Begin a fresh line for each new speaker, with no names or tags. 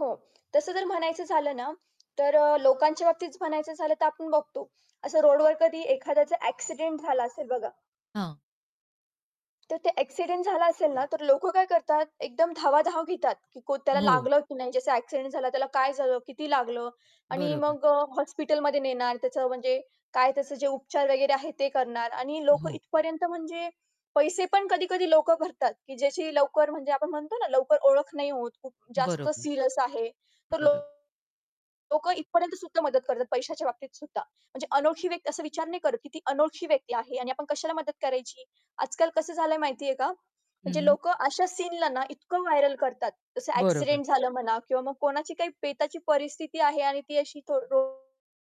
हो. तसं जर म्हणायचं झालं ना तर अ, लोकांच्या बाबतीत म्हणायचं झालं तर आपण बघतो. असं रोडवर कधी एखाद्याचा ॲक्सिडेंट झाला असेल बघा.
हां.
तर ते ॲक्सिडेंट झाला असेल ना तर लोकं काय करतात? एकदम धावाधाव घेतात. की को त्याला
हो.
लागलं की नाही. ज्याचा ॲक्सिडेंट झाला त्याला काय झालं? किती लागलं? आणि
बरोबर.
मग अ, हॉस्पिटलमध्ये नेणार. त्याचं म्हणजे काय त्याचे जे उपचार वगैरे आहे ते करणार आणि लोकं
हो.
इथपर्यंत म्हणजे पैसे पण कधी-कधी लोकं भरतात की ज्याची लवकर म्हणजे आपण म्हणतो ना लवकर ओळख नाही होत. खूप जास्त
बरोबर.
सीरियस आहे. तर लो
बरोब
लोकं इथपर्यंत सुद्धा मदत करतात. पैशाच्या बाबतीत सुद्धा. म्हणजे अनोळखी व्यक्त असं विचार नाही करत, की ती अनोळखी व्यक्ती आहे आणि आपण कशाला मदत करायची? आजकाल कसं झालं आहे माहिती आहे का?
हं,
म्हणजे
हं.
लोकं अशा सीनला ना इतकं व्हायरल करतात, जसं
बरोबर.
ॲक्सिडेंट झालं म्हणा किंवा मग कोणाची काही बेताची परिस्थिती आहे आणि ती अशी तो रो